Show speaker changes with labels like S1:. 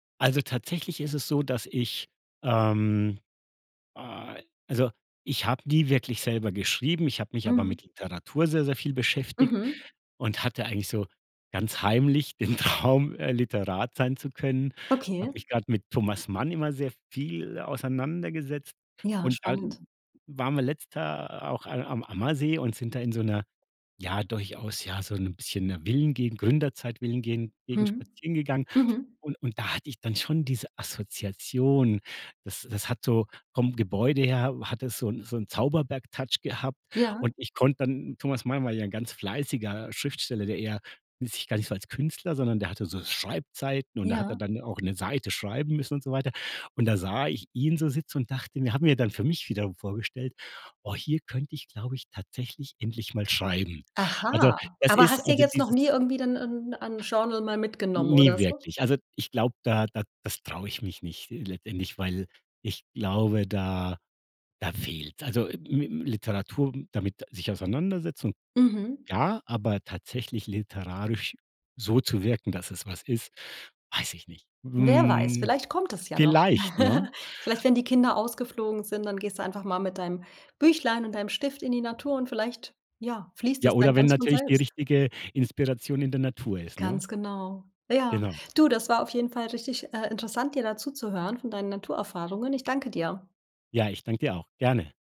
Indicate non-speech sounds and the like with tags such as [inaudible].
S1: Also tatsächlich ist es so, dass ich, ähm ah also ich habe nie wirklich selber geschrieben. Ich habe mich aber
S2: Mhm.
S1: mit Literatur sehr, sehr viel beschäftigt
S2: Mhm.
S1: und hatte eigentlich so ganz heimlich den Traum, äh, Literat sein zu können.
S2: Okay.
S1: Habe mich grad mit Thomas Mann immer sehr viel auseinandergesetzt.
S2: Ja,
S1: Und
S2: spannend.
S1: dann waren wir letzt Jahr auch a am Ammersee und sind da in so 'ner ja durchaus ja so 'n bisschen 'ner Villen-Gegend Gründerzeit-Villen-Gen Gegend
S2: Mhm.
S1: spazieren gegangen.
S2: Mhm.
S1: Und und da hatte ich dann schon diese Assoziation. Das das hat so vom Gebäude her hat es so 'n so 'n Zauberberg-Touch gehabt.
S2: Ja.
S1: Und ich konnt dann Thomas Mann war ja 'n ganz fleißiger Schriftsteller, der eher, [unintelligible] i sich gar nicht so als Künstler, sondern der hatte so Schreibzeiten und da hat er
S2: Ja.
S1: dann auch 'ne Seite schreiben müssen und so weiter. Und da sah ich ihn so sitzen und dachte mir hat mir dann für mich wiederum vorgestellt: „Oh, hier könnte ich glaube ich, tatsächlich endlich mal schreiben." Also
S2: Aha,
S1: das
S2: aber
S1: ist
S2: hast dir
S1: also
S2: jetzt noch nie
S1: dieses
S2: irgendwie dann 'n 'n Genre mal mitgenommen, oder
S1: Ne
S2: so?
S1: wirklich. Also ich glaube, da da das traue ich mich nicht, äh, letztendlich, weil ich glaube, da da fehlt's. Also ä mi Literatur m damit sich auseinandersetzen un
S2: Mhm.
S1: ja, aber tatsächlich literarisch so zu wirken, dass es was ist, weiß ich nicht.
S2: Wer weiß,
S1: Hm,
S2: vielleicht kommt es ja noch.
S1: vielleicht, ne?
S2: [chuckles] Vielleicht, wenn die Kinder ausgeflogen sind, dann gehst du einfach mal mit deinem Büchlein und deinem Stift in die Natur und vielleicht, ja, fließt
S1: Ja
S2: das
S1: oder
S2: dann
S1: wenn
S2: ganz von
S1: natürlich die
S2: selbst.
S1: richtige Inspiration in der Natur ist, ne?
S2: Ganz genau. Ja.
S1: Genau.
S2: Du, das war auf jeden Fall richtig, äh, interessant, dir da zuzuhören von deinen Naturerfahrungen. Ich danke dir.
S1: Ja ich danke dir auch gerne.